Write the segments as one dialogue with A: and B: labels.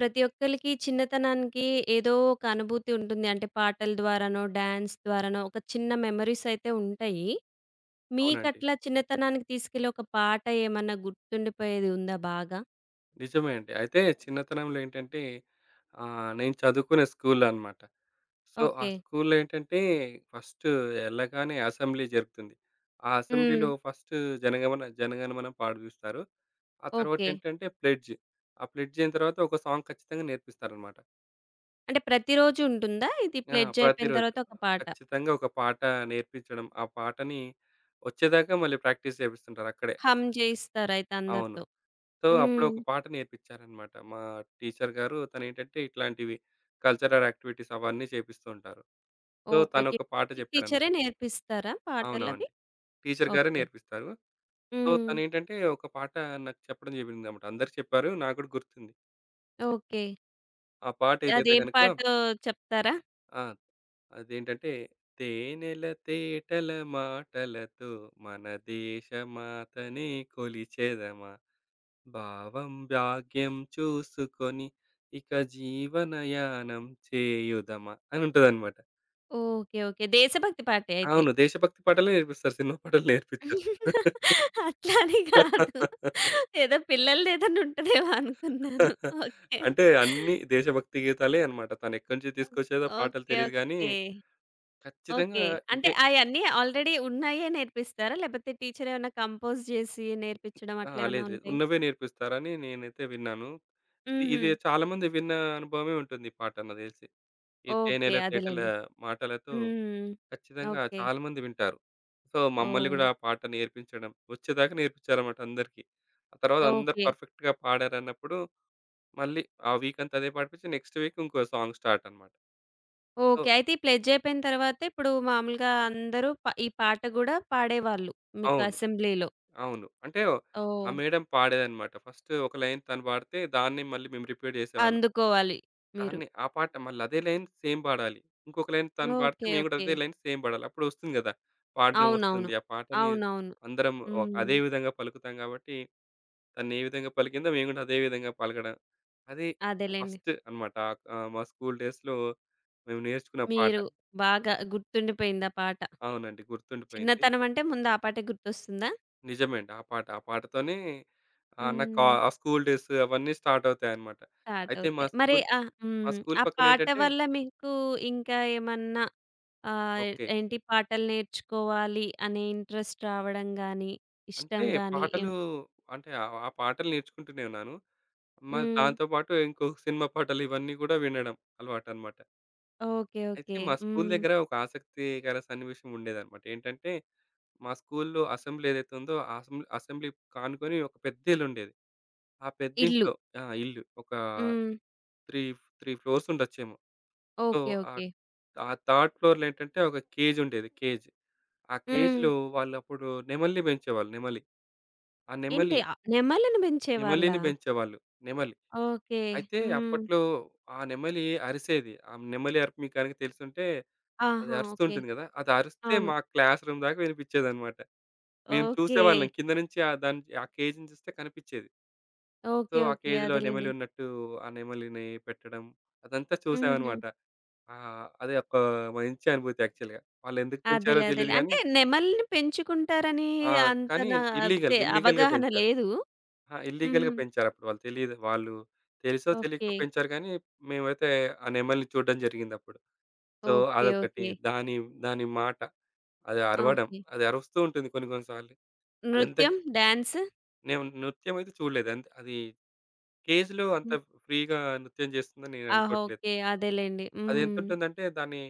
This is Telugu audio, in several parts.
A: ప్రతి ఒక్కళ్ళకి చిన్నతనానికి ఏదో ఒక అనుభూతి ఉంటుంది. అంటే పాటల ద్వారానో, డాన్స్ ద్వారానో ఒక చిన్న మెమోరీస్ అయితే ఉంటాయి.
B: అవునండి.
A: మీకట్లా చిన్నతనానికి తీసుకెళ్ళి ఒక పాట ఏమన్నా గుర్తుండిపోయేది ఉందా బాగా?
B: నిజమే అండి. అయితే చిన్నతనంలో ఏంటంటే, ఆహ్, నేను చదువుకునే స్కూలనమాట. సో, ఆ
A: ఓకే.
B: స్కూలులో ఏంటంటే ఫస్టు ఎళ్ళగానే అసెంబ్లీ జరుపుతుంది. ఆ
A: హ్మ్.
B: అసెంబ్లీలో ఫస్టు జనగమణ జనగణమన పాడిపిస్తారు. ఆ
A: ఓకే.
B: తరువాతేంటంటే, ప్లెడ్జ్. ఆ ప్లెడ్జ్ అయిన తర్వాత ఒక సాంగ్ ఖచ్చితంగా నేర్పిస్తారన్నమాట.
A: అంటే ప్రతిరోజు ఉంటుందా? ఇది
B: ఆ!
A: ప్లెడ్జ్ అయిపోయిన
B: ప్రతిరోజు.
A: తరువాత ఒక పాట.
B: ఖచ్చితంగా ఒక పాట నేర్పించడం, ఆ పాటని వచ్చేదాకా మళ్ళీ ప్రాక్టీస్ చేపిస్తుంటారక్కడే.
A: హమ్ చేయిస్తారయితే
B: అవును.
A: అందరితో.
B: సో, అప్పుడొక
A: హ్మ్.
B: పాట నేర్పించారన్నమాట. మా టీచరు గారు తను ఏంటంటే, ఇట్లాంటివి కల్చరల్ యాక్టివిటీస్ అవన్నీ చేపిస్తూంటారు. So
A: okay.
B: తను
A: ఓకే.
B: ఒక పాట జెప్పాడనమాట.
A: టీచరే నేర్పిస్తారా
B: అవునవును.
A: పాటలవి.
B: టీచరు గారే
A: ఓకే.
B: నేర్పిస్తారు. సో,
A: హ్మ్.
B: తనేంటంటే ఒక పాట నాకు చెప్పడం జరిగిందనమాట అందరికి చెప్పారు. నాకు గూడా గుర్తుంది.
A: ఓకే.
B: ఆ పాటేదైతే
A: అదేం
B: గనక
A: పాటో చెప్తారా?
B: ఆ! అదేంటంటే, తేనెల తేటల మాటలతో మన దేశమాతనె కొలిచెదమా, భావం భాగ్యం చూసుకొని ఇక జీవనయానం చేయుదమా అనుంటదన్నమాట.
A: ఓకే. ఓకే. దేశభక్తి పాటే అయితే.
B: అవును. దేశ భక్తి పాటలే నేర్పిస్తారు సినిమా పాటలు నేర్పిచ్చరు.
A: అట్లా అని గాదు. ఏదో పిల్లలదేదన్నా ఉంటదేమో అనుకున్నాను. ఓకే.
B: అంటే అన్ని దేశభక్తి గీతాలే అనమాట. తనెక్కడ్నించి
A: ఓహ్!
B: తీసుకొచ్చేదో పాటలు
A: ఓకే,
B: తెలీదు గానీ,
A: ఓకే.
B: ఖచ్చితంగా
A: ఓకే. అంటే,
B: ఇవే.
A: అయన్నీ ఆల్‌రెడి ఉన్నయ్యే నేర్పిస్తారా? లేపోతే టీచర్ ఏవన్నా కంపోజ్ జేసి నేర్పిచ్చడం
B: ఆ!
A: అట్లా ఏవన్నా
B: లేదు లేదు.
A: ఉంటయ్
B: ఉన్నవే నేర్పిస్తారని నేనైతే విన్నాను. ఇది ఇదె
A: హుహు.
B: చాలామంది విన్న అనుభవమే ఉంటుంది ఈ పాట నాకు తెలిసి. ఈ
A: ఓకే.
B: తేనెల తేటల
A: అదేలెండి.
B: మాటలతో
A: హ్మ్.
B: ఖచ్చితంగా
A: ఓకే.
B: చాలామంది వింటారు. సో మమ్మల్ని గూడా
A: ఓహ్!
B: ఆ పాట నేర్పించడం. ఒచ్చేదాకా నేర్పించారన్నమాట అందరికి. ఆ తరువాత అందరూ
A: ఓకే.
B: పర్ఫెక్ట్‌గా పాడారన్నప్పుడు, మళ్ళీ ఆ వీకంతా అదే పాడిపిచ్చి నెక్స్ట్ వీక్ ఇంకో సాంగ్ స్టార్టన్నమాట. ఓ
A: ఓకే. అయితే, ఈ ప్లెడ్జయిపోయిన తరువాత ఇప్పుడు మామూలుగా అందరూ పా ఈ పాట గూడా పాడేవాళ్ళు. మీకు
B: అవును.
A: అసెంబ్లీ‌లో.
B: అవును. అంటే, ఆ
A: ఓహ్!
B: మేడమ్ పాడేదన్నమాట. ఫస్టు ఒక లైన్ తను పాడితే, దాన్నే మళ్ళీ మేము రిపీట్ జేసేవాళ్ళం.
A: అందుకోవాలి. మీరు.
B: దాన్నె, ఆ పాట మళ్ళా అదే లైన్ సేమ్ బాడాలి. ఇంకొక లైన్ తను పాడితే
A: ఓకే,
B: మేము కూడా
A: ఓకే.
B: అదే లైన్ సేమ్ బాడాలి. అప్పుడొస్తుంది గదా. పాడ్డం
A: అవునవును.
B: ఒస్తుంది. ఆ పాటని
A: అవునవును.
B: అందరం ఒ అదే
A: హ్మ్.
B: విధంగా పలుకుతాం గాబట్టి తనే విధంగా పలికిందో మేము గూడా అదే విధంగా పలకడం. అది
A: అదేలెండి.
B: ఫస్టు అనమాట. ఆహ్, మా స్కూల్ డేస్‌లో మేము నేర్చుకున్న పాట.
A: మీరు బాగా గుర్తుండిపోయింది ఆ పాట.
B: అవునండి. గుర్తుండిపోయింది.
A: చిన్నతనం అంటే ముందా పాటే గుర్తొస్తుందా?
B: నిజమే అండి. ఆ పాట. ఆ పాటతోనే ఆహ్, నా కా
A: హ్మ్.
B: స్కూలు డేస్ అవన్నీ స్టార్టవుతాయన్నమాట. అయితే మా
A: స్టార్టవుతాయి. మరి
B: స్కూలు
A: ఆహ్,
B: మా
A: హ్మ్.
B: స్కూలు
A: ఆ పాట
B: పక్కనేంటంటే
A: వల్ల మీకు ఇంకా ఏమన్నా ఆహ్,
B: ఓకె.
A: ఏంటి పాటలు నేర్చుకోవాలి అనే ఇంట్రెస్ట్ రావడం గాని,
B: అంటే
A: ఇష్టం గాని
B: పాటలు
A: ఏమన
B: అంటే ఆహ్, పాటలు నేర్చుకుంటూనే ఉన్నాను. మరి
A: హ్మ్.
B: దాంతో పాటు ఇంకో సినిమా పాటలు ఇవన్నీ గూడా వినడం అలవాటనమాట.
A: ఓకె.
B: అయితే
A: ఓకె.
B: మా స్కూలు
A: హ్మ్.
B: దగ్గర ఒక ఆసక్తికర సన్నివేశం ఉండేదన్నమాట. ఏంటంటే మా స్కూలులో అసెంబ్లీ ఏదైతే ఉందో అసెంబ్ అసెంబ్లీ కానుకొని ఒక పెద్దిల్లుండేది. ఆ
A: ఇల్లు.
B: పెద్దింట్లో ఆ! ఇల్లు. ఒక
A: హ్మ్.
B: ౩ ఫ్ ౩ ఫ్లోర్స్ ఉండొచ్చేమో. So,
A: okay.
B: ఆహ్,
A: ఓకె.
B: ఆహ్, థర్డ్ ఫ్లోర్‌లో ఏంటంటే ఒక కేజుండేది కేజ్. ఆ
A: హ్మ్.
B: కేజ్‌లో వాళ్ళప్పుడు నెమలిని బెంచేవాళ్ళు నెమలి. ఆ నెమలి
A: ఏంటి ఆహ్, నెమలిని పెంచేవళ్ళా?
B: నెమలిని పెంచేవాళ్ళు. నెమలి.
A: ఓకె.
B: అయితే
A: హ్మ్.
B: అప్పట్లో ఆ నెమలి అరిసేది. ఆ నెమలి అరుపు మీకు గనక తెలిసుంటే అది
A: ఆహా!
B: అరుస్తూ
A: ఓకె.
B: ఉంటుంది గదా! అది అరిస్తే
A: అవును.
B: మా క్లాస్ రూమ్ దాకా వినిపిచ్చేదనమాట. మేము చూసేవాళ్ళం.
A: ఓకె.
B: కింద నుంచి ఆ దాన్ ఆ కేజ్‌ని చూస్తే కనిపిచ్చేది. So,
A: okay.
B: ఆ
A: ఓకె.
B: కేజ్‌లో
A: అదేలెండి.
B: నెమలున్నట్టు ఆ నెమలిని పెట్టడం అదంతా
A: హుహు.
B: చూసామనమాట. ఆహ్, అది ఒక మంచి అనుభూతి యాక్చువల్‌గా. వాళ్ళెందుకు పెంచారో
A: అదేలే.
B: తెలీదు
A: అదేలే.
B: గానీ
A: అంటే నెమలిని పెంచుకుంటారని
B: ఆ!
A: అంత
B: కానీ
A: నా
B: ఇల్‌‌లీగల్.
A: తె
B: ఇల్‌‌లీగల్
A: అవగాహన
B: పెంచారు.
A: లేదూ.
B: ఆ! ఇల్‌‌లీగల్
A: హుహు.
B: పెంచారుప్పుడు వాళ్ళు తెలీదు వాళ్ళు తెలుసో తెలీకో
A: ఓకె.
B: పెంచారు గానీ మేమైతే ఆ నెమలిని చూడడం జరిగిందప్పుడు. So,
A: okay.
B: అదొకటి
A: ఓకె.
B: దాని, దాని మాట. అది అరవడం
A: ఓకె.
B: అది అరుస్తూ ఉంటుంది కొన్ని కొన్ని సార్లు.
A: నృత్యం?
B: అదెంతకి
A: డ్యాన్సు?
B: నేను నృత్యం అయితే చూడలేదు అంత్ అది కేజ్‌లో అంత
A: హ్మ్.
B: ఫ్రీగా నృత్యం చేస్తుందని
A: ఆ!
B: నేననుకోవట్లేదు.
A: ఓకే. అదేలెండి. హ్మ్.
B: అదెంతుంటుందంటే దాని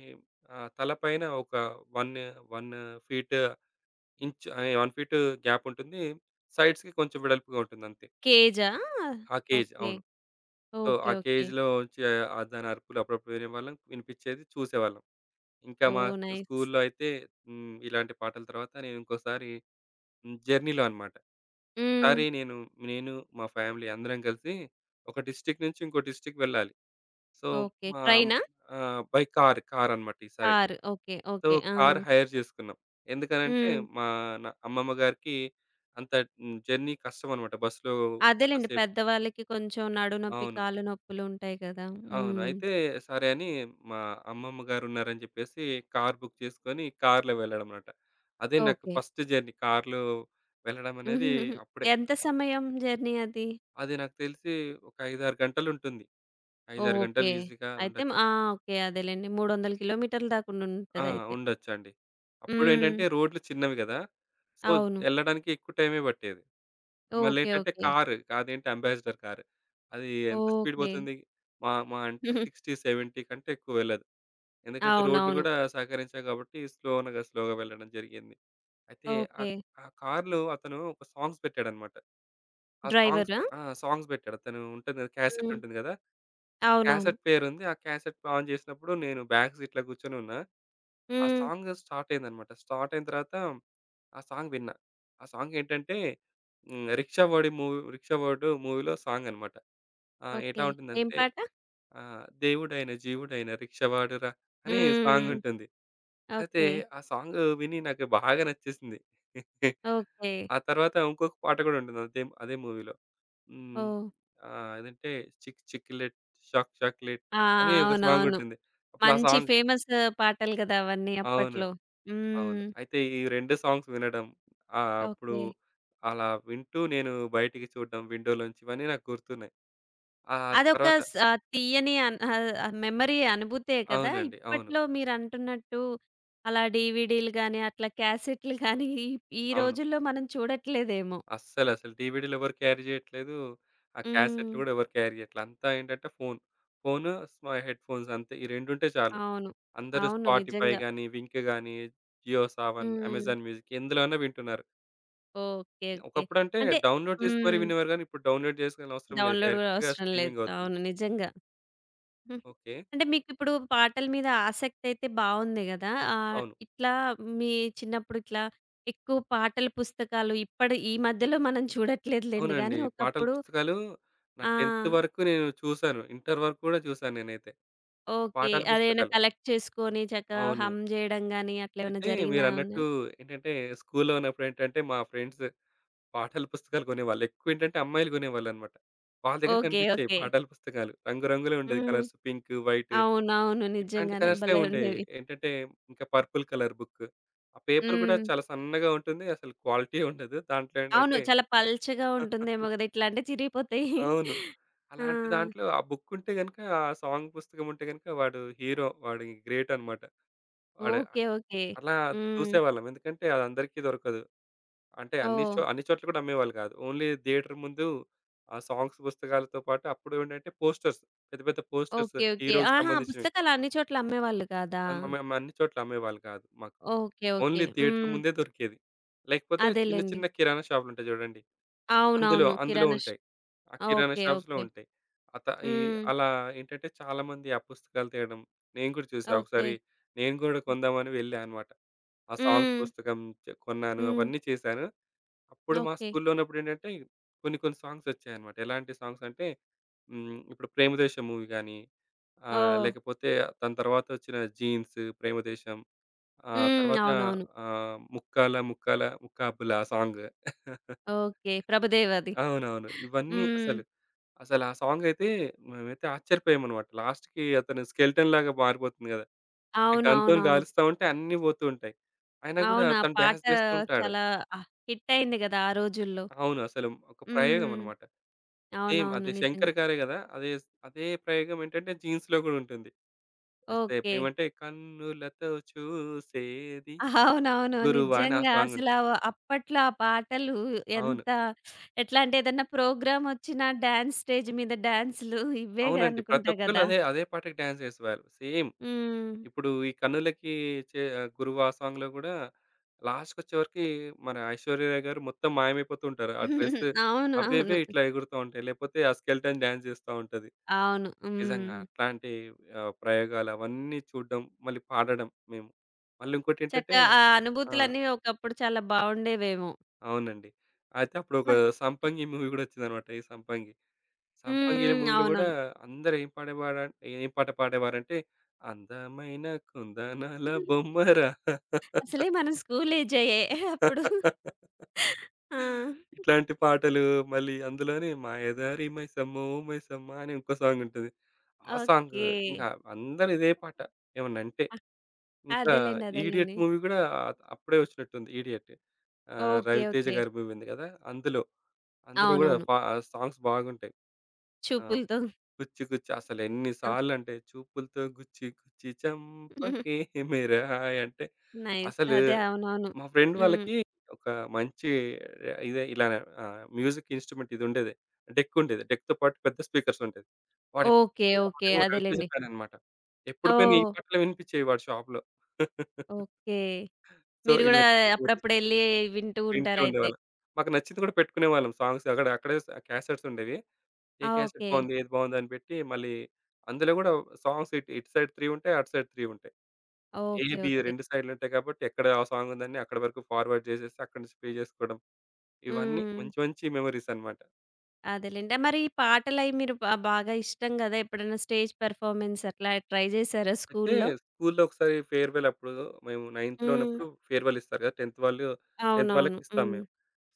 B: ఆహ్, తలపైన ఒక వన్ను వన్ను ఫీటూ ఇంచు ఆహ్, ఎ 1 ఫీటు గ్యాపుంటుంది. సైడ్స్‌‌కి కొంచెం వెడల్పుగా ఉంటుందంతే.
A: కేజా?
B: ఆ కేజ్.
A: ఓకే.
B: అవును. So,
A: okay.
B: ఆ
A: ఓకే.
B: కేజ్‌లోంచి ఆ దాని అరుపులు అప్పుడప్పుడు వినేవాళ్ళం, వినిపిచ్చేది, చూసేవాళ్ళం. ఇంక మా
A: ఓహ్! నైస్.
B: స్కూలులో అయితే హ్మ్, ఇలాంటి పాటల తర్వాత నేను ఇంకోసారి జర్నీలో అనమాట, ఒకసారి
A: హ్మ్.
B: నేను, నేను మా ఫ్యామిలీ అందరం కలిసి ఒక డిస్ట్రిక్ట్ నుంచి ఇంకో డిస్ట్రిక్ట్ వెళ్ళాలి. So,
A: okay.
B: మా హ్మ్,
A: ట్రైనా?
B: ఆహ్ బై కార్ కారనమాట ఈసారి.
A: కారు. ఓకే.
B: So
A: okay. ఆ!
B: కారు హైర్ చేసుకున్నాం. ఎందుకనంటే
A: హ్మ్.
B: మా న అమ్మమ్మ గారికి అంత హ్మ్, జర్నీ కష్టమన్నమాట. బస్‌‌లో అంత
A: అదేలెండి.
B: సేపు.
A: పెద్దవాళ్ళకి కొంచెం నడుం నొప్పి,
B: అవును.
A: కాళ్ళు నొప్పులుంటాయి గదా!
B: అవును.
A: హ్మ్.
B: అయితే సరే అని మా అమ్మమ్మ గారున్నారని జెప్పేసి కారు బుక్ చేసుకొని కారులో వెళ్లడం అన్నమాట. అదే నాకు
A: ఓకే.
B: ఫస్టు జర్నీ కారులో వెళ్లడమనేది అప్పుడే.
A: ఎంత సమయం జర్నీ అది?
B: అది నాకు తెలిసి ఒక 5, 6 గంటలుంటుంది. 5, 6 గంటలు
A: ఓకే.
B: ఈసీగా
A: అయితే
B: ఉండొచ్చు.
A: మ్ ఆ! ఓకే. అదేలెండి మూడొందలు కిలోమీటర్ల దాక
B: ఆ!
A: ఉండుంటదయితే.
B: ఉండొచ్చండి. అప్పుడేంటంటే
A: హ్మ్.
B: రోడ్లు చిన్నవి గదా! సో,
A: అవును.
B: యెళ్ళడానికి ఎక్కువ టైమే పట్టేది.
A: ఓకే.
B: మళ్ళేంటంటే
A: ఓకే.
B: కారు. అదేంటి అంబాసిడర్ కార్. అది ఎంత స్పీడ్
A: ఓకే.
B: పోతుంది, మా మహా అంటే 60, 70 కంటే ఎక్కువెళ్ళదు. ఎందుకంటే రోడ్లు
A: అవునవును.
B: గూడా సహకరించవు గాబట్టి స్లోనుగా స్లోగా వెళ్లడం జరిగింది. అయితే ఆ
A: ఓకే.
B: ఆ కారులో అతను ఒక సాంగ్స్ పెట్టాడన్నమాట. ఆ సాంగ్స్
A: డ్రైవరా?
B: ఆ! సాంగ్స్ పెట్టాడు. అతను ఉంటుంది గదా!
A: హ్మ్.
B: క్యాసెటుంటుంది గదా! ఆ
A: అవునవును.
B: క్యాసెట్ పేరుంది, ఆ క్యాసెట్ ఆన్ చేసినప్పుడు నేను బ్యాక్ సీట్‌లో కూర్చొనున్నా. ఆ
A: హ్మ్.
B: సాంగు స్టార్ట్ అయిందన్నమాట, స్టార్ట్ అయిన తరువాత ఆ సాంగ్ విన్నా. ఆ సాంగేంటంటే హ్మ్, రిక్షావోడి మూవ్ 'రిక్షావోడు' మూవీలో సాంగ్ అన్నమాట. ఆ! ఎట్లా
A: ఓకే. ఏం
B: ఉంటుందంటే,
A: పాట?
B: ఆహ్, దేవుడైన జీవుడైన రిక్షావాడు రా అని
A: హ్మ్.
B: సాంగుంటుంది. అయితే
A: ఓకే.
B: ఆ సాంగు విని నాకు బాగా నచ్చేసింది.
A: ఓకే.
B: ఆ తరువాత ఇంకొక పాట గూడా ఉంటుంది అంతేం అదే మూవీలో హ్మ్,
A: ఓహ్!
B: ఆహ్, ఏదంటే చిక్ చిక్లెట్ షాక్ చాక్లేట్
A: ఆ!
B: అని ఒక
A: అవునవును.
B: సాంగుంటుంది. అప్పుడా
A: మంచి
B: సాంగ్
A: ఫేమస్సు పాటలు గదా! అవన్నీ
B: అవును.
A: అప్పట్లో.
B: అవును.
A: హ్మ్.
B: అయితే ఈ 2 సాంగ్స్ వినడం, ఆహ్, అప్పుడు
A: ఓకే.
B: అలా వింటూ, నేను బయటికి చూడడం విండోలోంచి ఇవన్నీ నాకు గుర్తున్నాయి. ఆ
A: అదొక
B: తరువాత
A: స్ ఆహ్, తీయని అన్ ఆహ్, మెమరీ అనుభూతే కదా!
B: అవునండి. అవును.
A: ఇప్పట్లో మీరంటున్నట్టు అలా డీవీడీలు గానీ, అట్లా క్యాసెట్లు గానీ, ఈ
B: అవును.
A: రోజుల్లో మనం చూడట్లేదేమో.
B: అస్సలు. అసలు డీవీడీలెవరు క్యారీ జేయ్యట్లేదు. ఆ క్యాసెట్లు
A: హ్మ్.
B: గూడా ఎవరు క్యారీ జెయ్యట్లా. అంతా ఏంటంటే ఫోను. ఫోను, స్మ హెడ్‌ఫోన్స్ అంతే ఈ రెండుంటే చాలు.
A: అవును.
B: అందరూ
A: అవును.
B: స్పాటిఫై
A: నిజంగా.
B: గానీ, వింక్ గానీ, జియో సావన్,
A: హ్మ్.
B: అమెజాన్ మ్యూజిక్ ఎందులో అన్నా వింటున్నారు.
A: ఓకె.
B: యాహ్!
A: ఓకె.
B: ఒకప్పుడంటే
A: అంటే
B: డౌన్‌లోడ్ జేసి మరి
A: హ్మ్.
B: వినేవారు గానీ, ఇప్పుడు డౌన్‌లోడ్ చేసుకోవాల్సిన అవసరం లేదు.
A: డౌన్‌లోడ్ గూడా
B: డైరెక్ట్‌గా
A: అవసరం లేదు.
B: స్ట్రీమింగవుతుంది.
A: అవును నిజంగా. హ్మ్.
B: ఓకే.
A: అంటే, మీకిప్పుడు పాటల మీద ఆసక్తయితే బావుంది గదా! ఆహ్,
B: అవును.
A: ఇట్లా మీ చిన్నప్పుడిట్లా ఎక్కువ పాటల పుస్తకాలు ఇప్పడి ఈ మధ్యలో మనం చూడట్లేదులెండి
B: అవునండి.
A: గాని
B: పాటల
A: ఒకప్పుడు
B: పుస్తకాలు నా
A: ఆ!
B: టెంతు వరకు నేను చూసాను. ఇంటరు వరకు గూడా చూసాను నేనైతే ఆ
A: ఓకె.
B: పాటల
A: అదేమైనా
B: పుస్తకాలు.
A: కలెక్ట్ చేసుకొని చక్కగా
B: అవును.
A: హం జేయడం గాని అట్లేమన్నా
B: అయితే
A: జరిగినా
B: మీరన్నట్టు
A: ఉన్నయా?
B: ఏంటంటే, స్కూలులో ఉన్నప్పుడేంటంటే మా ఫ్రెండ్స్ పాటల పుస్తకాలు కొనేవాళ్ళు. ఎక్కువేంటంటే అమ్మాయిలు కొనేవాళ్ళన్నమాట. వాళ్ళ దగ్గర
A: ఓకె.
B: కనిపిచ్చేవి
A: ఓకె.
B: పాటల పుస్తకాలు రంగు రంగులుండేవి
A: హ్మ్.
B: కలర్స్. పింకు, వైటు
A: అవునవును.
B: ఇట్లాంటి
A: నిజంగానే
B: కలర్స్.
A: భలే
B: ఉండేవి.
A: ఉండేవి.
B: ఏంటంటే ఇంకా పర్పుల్ కలర్ బుక్కు. ఆ పేపరు గూడా
A: హ్మ్.
B: చాలా సన్నగా ఉంటుంది అసలు క్వాలిటీయే ఉండదు దాంట్లో
A: అవును.
B: ఏంటంటే
A: చాలా పల్చగా ఉంటుందేమో గదా! ఇట్లా అంటే చిరిగిపోతాయి.
B: అవును.
A: ఆ!
B: అలాంటి దాంట్లో ఆ బుక్కుంటే గనక ఆ సాంగ్ పుస్తకం ఉంటే గనక వాడు హీరో. వాడు ఇంగ గ్రేటనమాట. వాడు
A: ఓకే. ఓకె.
B: అలా
A: హ్మ్.
B: చూసేవాళ్ళం. ఎందుకంటే అదందరికీ దొరకదు అంటే అన్ని
A: ఓహ్!
B: చో అన్ని చోట్ల గూడా అమ్మేవాళ్ళు గాదు. ఓన్లీ థియేటర్ ముందు ఆ సాంగ్స్ పుస్తకాలతో పాటు అప్పుడేంటంటే పోస్టర్స్ పెద్ద, పెద్ద పోస్టర్స్
A: ఓకె. ఓకె.
B: హీరోకి
A: ఆహా!
B: సంబంధించినవి.
A: పుస్తకాలన్ని చోట్ల అమ్మేవాళ్ళు గాదా?
B: ఆహ్, మేము అన్ని చోట్ల అమ్మేవాళ్ళు గాదు మాకు.
A: ఓకె. ఓకె.
B: ఓన్లీ థియేటర్
A: హ్మ్.
B: ముందే దొరికేది. లేకపోతే చిన్న
A: అదేలెండి.
B: చిన్న కిరాణా షాపులుంటాయి చూడండి. అందులో,
A: అవునవును.
B: అందులో
A: కిరాణా ష్
B: ఉంటాయి. ఆ కిరాణా
A: ఓకే.
B: షాప్స్‌‌‌‌‌‌లో
A: ఓకే.
B: ఉంటాయి. ఆ త ఈ
A: హ్మ్.
B: అలా ఏంటంటే చాలామంది ఆ పుస్తకాలు తేడం, నేను కూడా చూసా
A: ఓకే.
B: ఒకసారి నేను గూడా
A: హ్మ్.
B: కొందామని వెళ్ళా అనమాట. ఆ సాంగ్స్
A: హ్మ్.
B: పుస్తకం చె కొన్నాను.
A: హ్మ్.
B: అవన్నీ చేశాను. అప్పుడు మా
A: ఓకే.
B: స్కూలులో ఉన్నప్పుడేంటంటే కొన్ని కొన్ని సాంగ్స్ వచ్చాయన్నమాట. ఎలాంటి సాంగ్స్ అంటే హ్మ్. ఇప్పుడు 'ప్రేమ దేశం' మూవీ కానీ ఆహ్,
A: ఓహ్!
B: లేకపోతే దాని తర్వాత వచ్చిన 'జీన్స్', 'ప్రేమ దేశం' ఆహ్,
A: హ్మ్.
B: తరువాత
A: అవునవును.
B: ఆహ్, 'ముక్కాల ముక్కాల ముక్కాబుల' ఆ సాంగు.
A: ఓకే. ప్రభుదేవాది.
B: అవునవును. ఇవన్నీ అసలు.
A: హ్మ్.
B: అసలా సాంగయితే మేమైతే ఆశ్చర్యపోయామన్నమాట. లాస్ట్‌కి అతను స్కెలెటన్‌లాగా మారిపోతుంది గదా! గన్‌తోని
A: అవునవునవును.
B: కాలుస్తా ఉంటే అన్నీ పోతూ ఉంటాయి. అయినా గూడా
A: అవును. ఆ
B: తను
A: పాట
B: డాన్స్ జేస్తూంటాడు.
A: చాలా ఆహ్, హిట్టయ్యింది గదా! ఆ రోజుల్లో.
B: అవును. అసలు ఒక ప్రయోగం
A: హ్మ్.
B: అన్నమాట. సేమ్
A: అవునవును
B: అది
A: నిజంగా.
B: శంకర్ గారే కదా! అదే స్ అదే ప్రయోగం ఏంటంటే 'జీన్స్‌లో' గూడా ఉంటుంది.
A: ఓకే.
B: ఏమంటే కన్నులతో చూసేది
A: అవునవును.
B: 'గురువా' అని ఆ
A: నిజంగా అసలు
B: సాంగుంటుంది.
A: అవ్ అప్పట్లో ఆ పాటలు
B: అవును.
A: ఎంత ఎట్లంటే ఏదన్నా ప్రోగ్రామొచ్చినా డాన్స్ స్టేజ్ మీద డాన్సులు ఇవేగా
B: అవునండి.
A: అనుకుంటా
B: ప్రతొక్కళ్ళు
A: గదా!
B: అదే, అదే పాటకి డాన్స్ జేసేవాళ్ళు. సేమ్
A: హ్మ్.
B: ఇప్పుడు ఈ కన్నులకి చే గురువా ఆ సాంగ్‌లో గూడా లాస్ట్‌కొచ్చేవరికి మన ఐశ్వర్య రాయ్ గారు మొత్తం మాయమైపోతూ ఉంటారు. ఆ డ్రెస్ అవ్వే అవ్వే
A: అవునవును. హ్మ్.
B: ఇట్లా ఎగురుతా ఉంటాయి. లేకపోతే ఆ స్కెలిటన్ డాన్స్ జేస్తా ఉంటది.
A: అవును.
B: నిజంగా
A: హ్మ్.
B: అట్లాంటి ఆహ్, ప్రయోగాలు అవన్నీ చూడడం మళ్ళీ పాడడం మేము. మళ్ళీ ఇంకోటేంటంటే
A: చక్కగా ఆ
B: ఆ!
A: అనుభూతులన్నీ ఒకప్పుడు చాలా బావుండేవేమో?
B: అవునండి. అయితే
A: మ
B: అప్పుడొక
A: హ్మ్.
B: 'సంపంగి' మూవీ గూడా వచ్చిందనమాట. ఈ 'సంపంగి'.
A: హ్మ్.
B: 'సంపంగి' అనే
A: హ్మ్.
B: మూవీలో గూడా
A: అవునవును.
B: అందరూ ఏం పాడేవార ఏం పాట పాడేవారంటే, అందమైన కుందనాల బొమ్మరా
A: అసలే మనం స్కూలేజాయే, అప్పుడు. ఆ!
B: ఇట్లాంటి పాటలు మళ్ళీ అందులోనే మాయదారి మైసమ్మో మైసమ్మ అని ఇంకో సాంగుంటది. ఆ సాంగు.
A: ఓకే.
B: ఇంకా అందరిదే పాట ఏమన్నంటే.
A: అ
B: ఇంకా
A: అదేలెండి.
B: 'ఇడియట్'
A: అదేలెండి.
B: మూవీ గూడా అ అప్పుడే వచ్చినట్టుంది. 'ఇడియట్' ఆహ్,
A: ఓకె.
B: రవితేజ
A: ఓకె.
B: గారి మూవీ ఉంది గదా! అందులో. అందులో గూడా
A: అవునవును.
B: వ సాంగ్స్ బాగుంటాయి. ఆ!
A: చూపులతో.
B: 'గుచ్చి గుచ్చి' అసలెన్ని
A: ఆహ్!
B: సార్లంటే చూపులతో గుచ్చి గుచ్చి చంపకే మేరా హాయ్ అంటే
A: నైస్.
B: అసలు
A: అదే. అవునవును.
B: మా ఫ్రెండ్
A: హ్మ్.
B: వాళ్ళకి ఒక మంచి ఇదే ఇలానే ఆహ్, మ్యూజిక్ ఇన్స్ట్రుమెంట్ ఇదుండేది. డెక్కుండేది డెక్‌తో పాటు పెద్ద స్పీకర్స్ ఉంటయి. వాడెప్పుడు
A: ఓకె.
B: నుంచో
A: ఓకె.
B: వాడు రవితేజ
A: అదేలెండి.
B: ఫ్యాననమాట. ఎప్పుడు పోయినా ఈ
A: ఓహ్!
B: పాటలే వినిపిచ్చేయి వాడి షాప్‌లో.
A: ఓకే.
B: సో
A: మీరు గూడా
B: ఇలాంటి [unintelligible]
A: అప్పుడప్పుడెళ్ళి వింటూ
B: వింటూ
A: ఉంటారయితే!
B: ఉండేవాళ్ళం. మాకు నచ్చింది గూడా పెట్టుకునేవాళ్ళం. సాంగ్స్ అక్కడ అక్కడే స్ క్యాసెట్స్ ఉండేవి. ఏ క్యాసెట్
A: ఓకే!
B: బావుంది? ఏది బావుంది? అని పెట్టి మళ్ళీ అందులో గూడా సాంగ్స్ ఇటు, ఇటు సైడ్ 3 ఉంటాయి. అటు సైడ్ 3 ఉంటాయి. A
A: okay.
B: B
A: okay.
B: 2 సైడ్‌లుంటాయి గాబట్టి ఎక్కడ ఆ సాంగ్ ఉందని అక్కడి వరకు ఫార్వర్డ్ జేసేసి అక్కడి నుంచి ప్లే జేసుకోవడం, ఇవన్నీ
A: హ్మ్.
B: మంచి మంచి మెమోరీసనమాట.
A: అదేలేండి. ఆహ్, మరి ఈ పాటలయి మీరు బ బాగా ఇష్టం గదా! ఎప్పుడైనా స్టేజ్ పెర్ఫార్మన్స్ అట్లా ట్రై జేసారా
B: అయితే
A: స్కూలులో.
B: స్కూలులో ఒకసారి ఫేర్వెలప్పుడు మేము నైన్త్‌లో
A: హ్మ్.
B: ఉన్నప్పుడు ఫేర్వెలిస్తారు కదా! 10థ్ వాళ్ళు 10థ్ వాళ్ళు
A: అవునవును.
B: వాళ్ళకిస్తాం
A: హ్మ్.
B: మేము.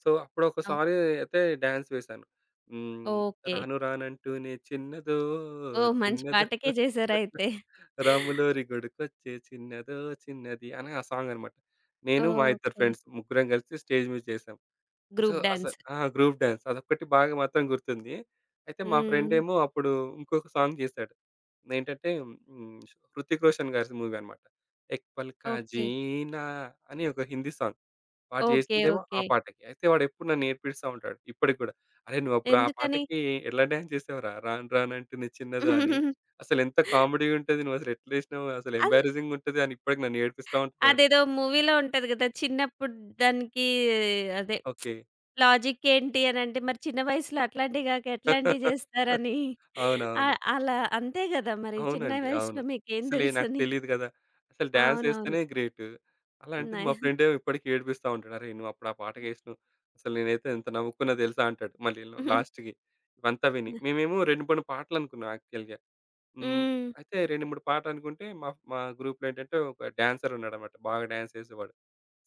B: సో, అప్పుడు
A: ఓహ్!
B: ఒకసారి అయితే డాన్స్ వేశాను. హ్మ్.
A: ఓకె.
B: రాను రాను అంటూనే చిన్నదో
A: ఓహ్! మంచి
B: చిన్నదో
A: పాటకే చేశారయితే.
B: రాములోరి గుడికొచ్చే చిన్నదో చిన్నది అని ఆ సాంగనమాట. నేను మా ఇద్దరు
A: ఓకె.
B: ఫ్రెండ్స్ ముగ్గురం కలిసి స్టేజ్ మీద చేసాం. So,
A: group dance.
B: అసలు ఆ! గ్రూప్ డాన్స్ అదొక్కటి బాగా మాత్రం గుర్తుంది. అయితే మా
A: హ్మ్.
B: ఫ్రెండేమో అప్పుడు ఇంకొక సాంగ్ చేసాడు. ఏంటంటే, హ్మ్. ష్ హృతిక్ రోషన్ గారి స్ మూవీ అన్నమాట. ఎక్ పాల్కా
A: ఓకె.
B: జీనా అని ఒక హిందీ సాంగ్. వాడు
A: ఓకె.
B: జేసిందేమో ఆ
A: ఓకె.
B: పాటకి. అయితే వాడెప్పుడు నన్ను ఏడిపిస్తా ఉంటాడు. ఇప్పటికి కూడా, "అరె నువ్వప్పుడు ఆ
A: ఎందుకని?
B: పాటకి ఎలా డాన్స్ చేసావురా! 'రాను రాను అంటుంది చిన్నదో' అని అసలెంత కామెడీగా ఉంటది. నువ్వసలు ఎట్లేసినవు. అసలు
A: అన్
B: ఎంబరాజింగ్‌గా ఉంటది" అని ఇప్పటికి నన్ను ఏడిపిస్తా ఉంటాడు ఆడు.
A: అదేదో మూవీలో ఉంటది గదా! చిన్నప్పుడు దానికి అదే
B: ఓకె.
A: లాజిక్ ఏంటి అనంటే మరి చిన్న వయసులో అట్లాంటివి గాక ఎట్లాంటివి చేస్తారనీ.
B: అవునవును.
A: ఆహ్, అలా అంతే గదా! మరి చిన్న
B: అవునండి
A: వయసులో
B: అవును.
A: మీకేం
B: అసలే నాకు
A: తెలుసని.
B: తెలీదు గదా! అసలు
A: అవునవును.
B: డాన్సేస్తేనే గ్రేటు. అలాంటిది మా
A: నై
B: ఫ్రెండేమో ఇప్పటికి ఏడిపిస్తా ఉంటాడు. "అరె! నువ్వప్పుడు ఆ
A: హ్మ్.
B: పాటకేసినావు. అసలు నేనైతే ఎంత నవ్వుకున్నా దెలుసా" అంటాడు. మళ్ళీ ల్ లాస్ట్‌కి ఇవంతా విని.
A: న
B: మేమేమో 2, 3 పాటలనుకున్నా యాక్చువల్‌గా. హ్మ్.
A: హ్మ్.
B: అయితే 2, 3 పాటలనుకుంటే మా ఫ్ మా గ్రూప్‌లో ఏంటంటే ఒక డాన్సరున్నాడనమాట బాగా డాన్స్ చేసేవాడు.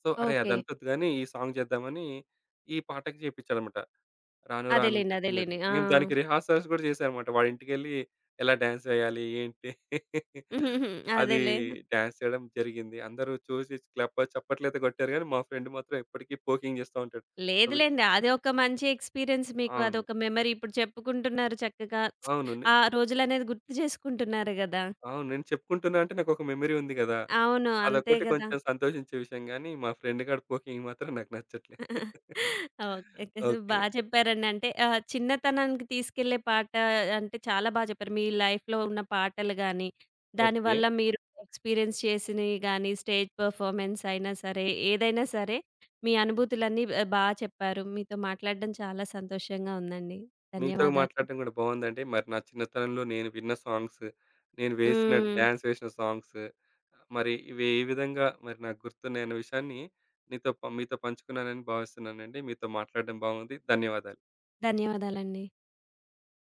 B: సో, అరే!
A: ఓకె.
B: అదంత వద్దు గాని ఈ సాంగ్ జేద్దామని ఈ పాటకి చెప్పించాడన్నమాట. 'రాను
A: అదేలేండి.
B: రానంటే చిన్నది'.
A: అదేలేండి.
B: మేము దానికి
A: ఆ!
B: రిహార్సల్స్ గూడా చేసాం అనమాట. వాడి ఇంటికెళ్ళి ఎలా డాన్స్ వెయ్యాలి ఏంటి? అదీ
A: అదేలే.
B: డాన్స్ చేయడం జరిగింది. అందరూ చూసి క్లప్ చెప్పట్లయితే కొట్టారు గానీ మా ఫ్రెండ్ మాత్రం ఎప్పటికీ పోకింగ్ చేస్తా ఉంటాడు. అది.
A: లేదులేండి. అది ఒక మంచి ఎక్స్‌పీరియన్స్ మీకు.
B: అవును.
A: అదొక మెమరీ ఇప్పుడు చెప్పుకుంటున్నారు చక్కగా.
B: అవును. నే
A: ఆ రోజులనేది గుర్తు చేసుకుంటున్నారు గదా!
B: అవును నేను చెప్పుకుంటున్నాను అంటే నాకు ఒక మెమరీ ఉంది గదా!
A: అవును అంతే
B: అదొక్కటి
A: గదా!
B: కొంచెం సంతోషించే విషయం గానీ, మా ఫ్రెండ్ గాడు పోకింగ్ మాత్రం నాకు నచ్చట్లే.
A: Okay, okay.
B: ఓకె.
A: బాగా చెప్పారండి అంటే, ఆహ్, చిన్నతనానికి తీసుకెళ్ళే పాట అంటే చాలా బా చెప్పారు మీ లైఫ్‌లో ఉన్న పాటలు గాని
B: ఓకె.
A: దానివల్ల మీరు ఎక్స్‌పీరియన్స్ చేసినయి గాని, స్టేజ్ పెర్ఫార్మన్స్ అయినా సరే, ఏదైనా సరే. మీ అనుభూతులన్నీ ఎ బా చెప్పారు. మీతో మాట్లాడడం చాలా సంతోషంగా ఉందండి
B: మీతో
A: ధన్యవాదాలు.
B: మాట్లాడటం కూడా బావుందండి. మరి నా చిన్నతనంలో నేను విన్న సాంగ్స్, నేను వేసిన
A: హ్మ్.
B: డాన్సేసిన సాంగ్స్, మరి ఇవి ఏ విధంగా మరి నాకు గుర్తున్నాయి అనే విషయాన్ని మీతో పం మీతో పంచుకున్నానని భావిస్తున్నానండి. మీతో మాట్లాడటం బావుంది. ధన్యవాదాలు.
A: ధన్యవాదాలండి.